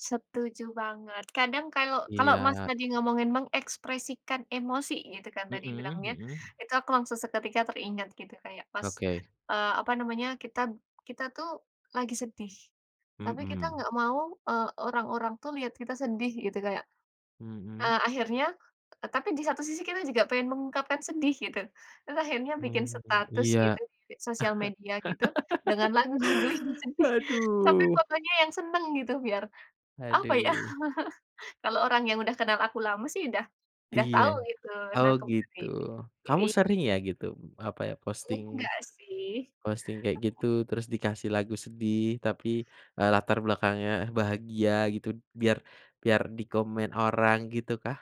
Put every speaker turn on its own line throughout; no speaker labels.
Setuju banget, kadang kalau kalau, Mas
Iya.
tadi, ngomongin mengekspresikan emosi gitu, kan, tadi
Heeh
bilangnya.
heeh.
Itu, aku langsung seketika teringat gitu, kayak pas,
Oke.
eee, apa namanya, kitab kita tuh, lagi sedih. Tapi, kita
Mhm.
nggak mau, eee, orang-orang tuh, lihat kita sedih, gitu, kayak,
Mhm.
eee, akhirnya t tapi di satu sisi, kita juga pengen mengungkapkan sedih, gitu. Terus akhirnya bikin
Mhm.
status
Iya,
gitu, di sosial media gitu, dengan lagu-lagu yang sedih. Tapi,
aduh.
pokoknya yang seneng, gitu, biar, apa ya,
Haduh.
kalau orang yang udah kenal aku lama sih, udah udah
Iya,
tahu gitu. Nah,
oh,
kembali,
gitu,
ke
kamu
i
sering ya, gitu, eee, apa ya, posting,
enggak sih.
posting kayak gitu. Terus, dikasih lagu sedih, tapi, eee, latar belakangnya bahagia gitu, biar biar dikomen orang, gitu kah?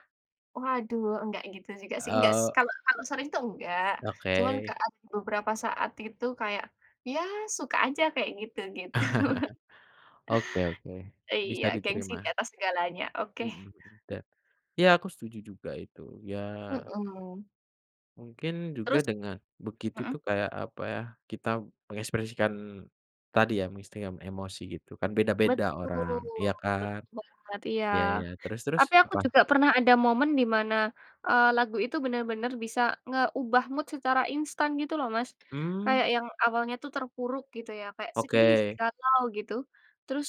Waduh, enggak gitu juga, sih, enggak
Oh.
kalau kalau sering, tuh enggak. Cuma
Oke.
kan, beberapa saat gitu, kayak, ya suka aja, kayak gitu-gitu.
Oke oke, bisa
Iya, gengsi di
diterima.
atas segalanya. Oke.
Mhm mhm, da iya, aku setuju juga, itu, ya
Hmm.
mungkin, juga
Terus
dengan begitu,
heeh.
tuh, kayak apa ya, kita mengekspresikan, tadi ya, musti yang emosi gitu kan, beda-beda
Betul,
orang, ya kan?
betul banget, iya.
Ya ya, terus terus,
Tapi, aku
apa?
juga pernah ada momen, di mana, eee, lagu itu benar-benar bisa ngeubah mood secara instan, gitu, loh, Mas.
Mmm.
Kayak, yang awalnya tuh, terpuruk gitu, ya, kayak sedih,
Oke.
galau gitu. Terus,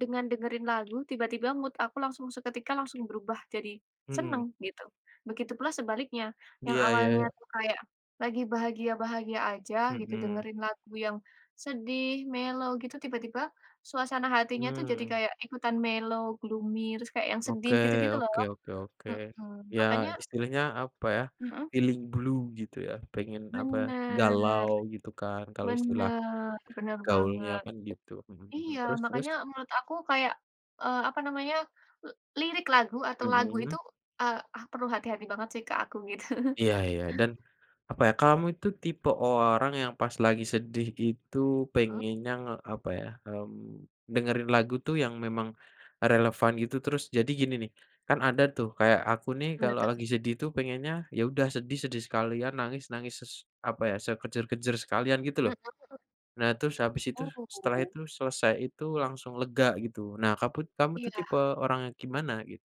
dengan dengerin lagu, tiba-tiba mood aku langsung, seketika langsung berubah jadi,
Hmm.
seneng, gitu. Begitu pula sebaliknya, yang
Iya, ya
awalnya
ya.
tu kayak, lagi bahagia-bahagia aja gitu,
Hmm.
dengerin lagu yang sedih, mellow, gitu, tiba-tiba, suasana hatinya tuh, jadi,
Mmm.
kayak ikutan mellow, gloomy, terus, kayak yang sedih
Oke,
gitu-gitu loh.
oke oke oke,
Hmm,
ya,
makanya
istilahnya apa ya,
Heeh.
feeling blue gitu, ya, pengen apa ya
Bener,
galau gitu, kan, kalau istilah,
bener, bener
gaulnya
banget.
kan, gitu, heeh heeh,
Iya,
terus terus?
makanya menurut aku, kayak, eee, apa namanya, eee, lirik lagu atau lagu
Hmm.
itu, eee, eh, perlu hati-hati banget sih, Kak, aku, gitu.
Iya, ya, dan apa ya, kamu itu tipe orang yang pas lagi sedih itu,
Mhm.
pengennya nge apa yah, mmm, dengerin lagu tuh, yang memang relevan gitu, terus, jadi gini, nih. Kan, ada tuh, kayak aku nih,
Mana,
kalo
tuh?
lagi sedih tuh, pengennya ya udah sedih, sedih sekalian, nangis, nangis ses apa ya, sekejer-kejer sekalian gitu, loh.
Heeh.
Nah. terus, habis itu, setelah
Oh.
itu, selesai itu, langsung lega gitu. Nah, kamu, kamu tuh, tipe
Iya.
orang yang gimana, gitu?